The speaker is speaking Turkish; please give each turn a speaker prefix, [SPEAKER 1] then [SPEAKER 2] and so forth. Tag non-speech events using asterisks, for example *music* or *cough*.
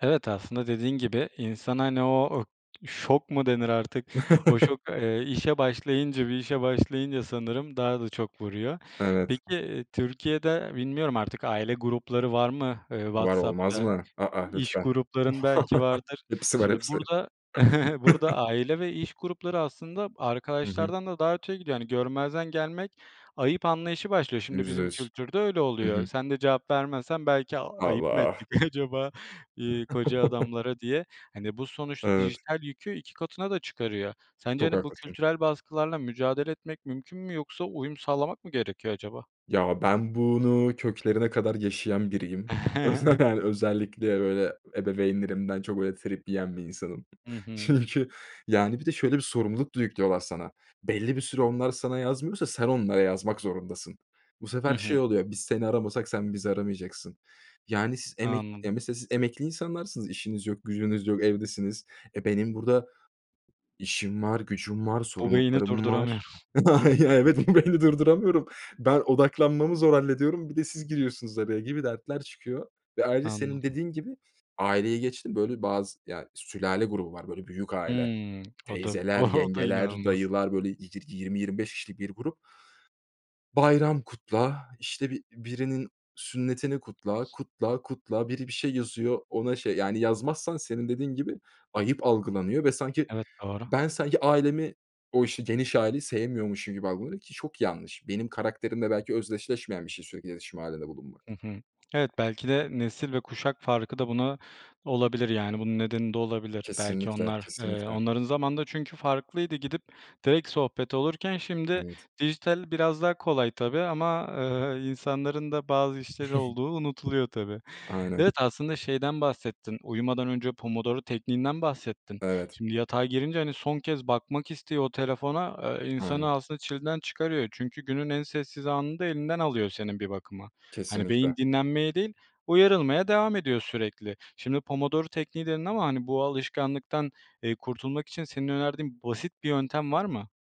[SPEAKER 1] Evet, aslında dediğin gibi, insan, hani, o şok mu denir artık, o
[SPEAKER 2] *chuckles*
[SPEAKER 1] şok, eee, işe başlayınca, bir işe başlayınca sanırım daha da çok vuruyor. Peki,
[SPEAKER 2] Evet.
[SPEAKER 1] eee, Türkiye'de bilmiyorum artık aile grupları var mı, eee,
[SPEAKER 2] Var olmaz
[SPEAKER 1] WhatsApp'ta?
[SPEAKER 2] mı? A, a!
[SPEAKER 1] İş
[SPEAKER 2] Lütfen.
[SPEAKER 1] grupların belki
[SPEAKER 2] *chuckles*
[SPEAKER 1] vardır.
[SPEAKER 2] Hepsi var
[SPEAKER 1] Şimdi
[SPEAKER 2] hepsi.
[SPEAKER 1] burada *chuckles* burada
[SPEAKER 2] *chuckles*
[SPEAKER 1] aile ve iş grupları aslında
[SPEAKER 2] Hı hı.
[SPEAKER 1] arkadaşlardan da daha öteye gidiyor. Hani görmezden gelmek ayıp anlayışı başlıyor. Şimdi
[SPEAKER 2] yüzde
[SPEAKER 1] bizim
[SPEAKER 2] yüz
[SPEAKER 1] kültürde öyle
[SPEAKER 2] Hı hı.
[SPEAKER 1] oluyor. Sen de cevap vermezsen belki "A, ayıp mı
[SPEAKER 2] Allah!
[SPEAKER 1] ettik *chuckles* acaba, iii, koca
[SPEAKER 2] *chuckles*
[SPEAKER 1] adamlara?" diye. Hani, bu sonuçta
[SPEAKER 2] Evet.
[SPEAKER 1] dijital yükü 2 katına da çıkarıyor. Sence,
[SPEAKER 2] Çok
[SPEAKER 1] hani, bu
[SPEAKER 2] haklısın.
[SPEAKER 1] kültürel baskılarla mücadele etmek mümkün mü? Yoksa uyum sağlamak mı gerekiyor acaba?
[SPEAKER 2] Ya, ben bunu köklerine kadar yaşayan biriyim.
[SPEAKER 1] *chuckles*
[SPEAKER 2] *unintelligible* Özellikle, böyle, ebeveynlerimden çok öyle trip yiyen bir insanım.
[SPEAKER 1] Hı hı.
[SPEAKER 2] Çünkü, yani, bir de şöyle bir sorumluluk da yüklüyorlar sana: Belli bir süre onlar sana yazmıyorsa sen onlara yazmak zorundasın. Bu
[SPEAKER 1] Hı
[SPEAKER 2] sefer
[SPEAKER 1] hı.
[SPEAKER 2] şey oluyor: "Biz seni aramasak sen bizi aramayacaksın." Yani, s emek
[SPEAKER 1] Anladım.
[SPEAKER 2] mesela, siz emekli insanlarsınız, işiniz yok, gücünüz yok, evdesiniz. E, benim burada işim var, gücüm var,
[SPEAKER 1] Bu beyni
[SPEAKER 2] sorumluluklarım var.
[SPEAKER 1] durduramıyorum. *chuckles*
[SPEAKER 2] *unintelligible* Ya, evet, bu beyni durduramıyorum. "Ben odaklanmamı zor hallediyorum, bir de siz giriyorsunuz araya." gibi dertler çıkıyor. Ve ayrıca, senin
[SPEAKER 1] Anladım.
[SPEAKER 2] dediğin gibi, aileyi geçtim, böyle, bazı, ya, sülale grubu var böyle büyük aile;
[SPEAKER 1] Hımm, o da
[SPEAKER 2] teyzeler,
[SPEAKER 1] o da
[SPEAKER 2] yengeler,
[SPEAKER 1] inanılmaz.
[SPEAKER 2] dayılar, böyle, yi yirmi 25 kişilik bir grup. Bayram kutla, işte, bi birinin sünnetini kutla, kutla, kutla... Biri bir şey yazıyor, ona şey Yani yazmazsan senin dediğin gibi ayıp algılanıyor ve sanki
[SPEAKER 1] Evet, doğru.
[SPEAKER 2] ben ailemi, o, işte, geniş aileyi sevmiyormuşum gibi algılanıyor ki çok yanlış. Benim karakterimle belki özdeşleşmeyen bir şey sürekli iletişim hâlinde bulunmak.
[SPEAKER 1] Hı hı. Evet, belki de nesil ve kuşak farkı da buna olabilir, yani bunun nedeni de olabilir. Belki
[SPEAKER 2] Kesinlikle,
[SPEAKER 1] onlar, eee,
[SPEAKER 2] kesinlikle.
[SPEAKER 1] onların zamanında çünkü farklıydı. Gidip direkt sohbet olurken şimdi
[SPEAKER 2] Evet.
[SPEAKER 1] dijital biraz daha kolay tabii ama, eee, insanların da bazı işleri
[SPEAKER 2] *chuckles*
[SPEAKER 1] olduğu unutuluyor tabii.
[SPEAKER 2] Aynen.
[SPEAKER 1] Evet, aslında şeyden bahsettin, uyumadan önce Pomodoro Tekniğinden bahsettin.
[SPEAKER 2] Evet.
[SPEAKER 1] Şimdi yatağa girince, hani, son kez bakmak istiyor o telefona, eee, insanı
[SPEAKER 2] Aynen.
[SPEAKER 1] aslında çileden çıkarıyor. Çünkü günün en sessiz anını da elinden alıyor senin bir bakıma. Hani,
[SPEAKER 2] Kesinlikle.
[SPEAKER 1] beyin dinlenmeye değil, uyarılmaya devam ediyor sürekli. Şimdi Pomodoro Tekniği dedin ama, hani, bu alışkanlıktan, eee, kurtulmak için senin önerdiğin basit bir yöntem var mı?